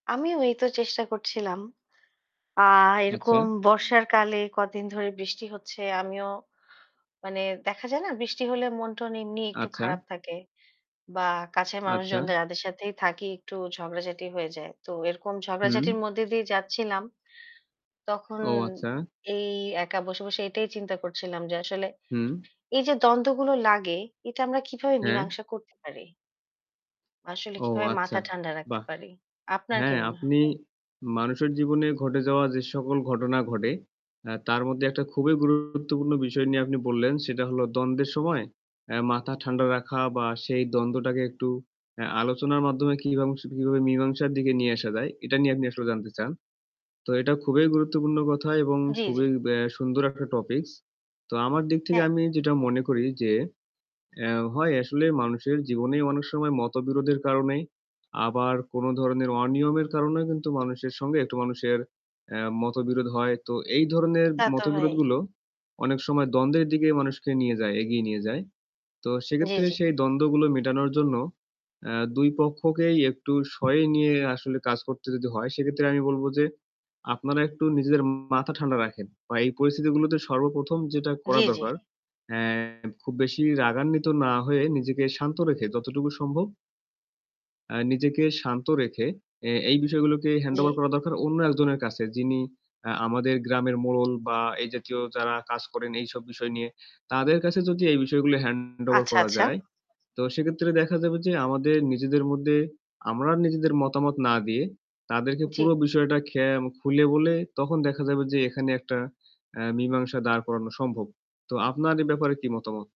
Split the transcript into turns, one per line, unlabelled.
আমিও ওইতো চেষ্টা করছিলাম। আ
আচ্ছা।
এরকম বর্ষার কালে কদিন ধরে বৃষ্টি হচ্ছে। আমিও মানে দেখা যায় না, বৃষ্টি হলে মন-টন এমনি একটু
আচ্ছা।
খারাপ থাকে বা কাছের মানুষ
আচ্ছা।
জনদের যাদের সাথেই থাকি একটু ঝগড়াঝাটি হয়ে যায়। তো এরকম
হুম।
ঝগড়াঝাটির মধ্যে দিয়ে যাচ্ছিলাম। তখন
ও আচ্ছা।
এই একা বসে, বসে এটাই চিন্তা করছিলাম, যে আসলে
হুম।
এইযে দ্বন্দ্বগুলো লাগে এটা আমরা কিভাবে
হ্যাঁ।
মীমাংসা করতে পারি? আসলে
ও
কিভাবে
আচ্ছা,
মাথা ঠান্ডা রাখতে
বাহ!
পারি? আপনার কি
হ্যাঁ,
মনে হয়?
আপনি মানুষের জীবনে ঘটে যাওয়া যে সকল ঘটনা ঘটে, অ্যা তার মধ্যে একটা খুবই গুরুত্বপূর্ণ বিষয় নিয়ে আপনি বললেন। সেটা হলো দ্বন্দ্বের সময়ে অ্যা মাথা ঠান্ডা রাখা বা সেই দ্বন্দ্বটাকে একটু অ্যা আলোচনার মাধ্যমে কিবাং কীভাবে মীমাংসার দিকে নিয়ে আসা যায়, এটা নিয়ে আপনি আসলে জানতে চান। তো এটা খুবই গুরুত্বপূর্ণ কথা এবং
জি, জি।
খুবই ব্যা সুন্দর একটা topics. তো আমার দিক থেকে
হ্যাঁ।
আমি যেটা মনে করি যে, অ্যা হয় আসলে মানুষের জীবনেই অনেক সময় মতবিরোধের কারণেই আবার কোনো ধরনের অনিয়মের কারণেও কিন্তু মানুষের সঙ্গে একটু মানুষের অ্যা মতবিরোধ হয়। তো এই ধরনের
তা তো হয়ই।
মতবিরোধগুলো অনেক সময় দ্বন্দ্বের দিকে মানুষকে নিয়ে যায়, এগিয়ে নিয়ে যায়। তো
জি,
সেক্ষেত্রে
জি।
সেই দ্বন্দ্বগুলো মেটানোর জন্য অ্যা ২ পক্ষকেই একটু সয়ে নিয়ে আসলে কাজ করতে যদি হয় সেক্ষেত্রে আমি বলব যে, "আপনারা একটু নিজেদের মাথা ঠান্ডা রাখেন।" বা এই পরিস্থিতিগুলোতে সর্বপ্রথম যেটা
জি,
করা
জি।
দরকার, অ্যা খুব বেশি রাগান্বিত না হয়ে নিজেকে শান্ত রেখে যতটুকু সম্ভব অ্যা নিজেকে শান্ত রেখে এ এই বিষয়গুলোকে
জি।
handover করা দরকার অন্য একজনের কাছে যিনি আ আমাদের গ্রামের মোড়ল বা এই জাতীয় যারা কাজ করেন এইসব বিষয় নিয়ে। তাদের কাছে যদি এই বিষয়গুলো handover
আচ্ছা,
করা
আচ্ছা।
যায়। তো সেক্ষেত্রে দেখা যাবে যে আমাদের নিজেদের মধ্যে আমরা নিজেদের মতামত না দিয়ে তাদেরকে পুরো
জি।
বিষয়টা খে খুলে বলে তখন দেখা যাবে যে এখানে একটা অ্যা মীমাংসা দাঁড় করানো সম্ভব। তো আপনার এ ব্যাপারে কী মতামত?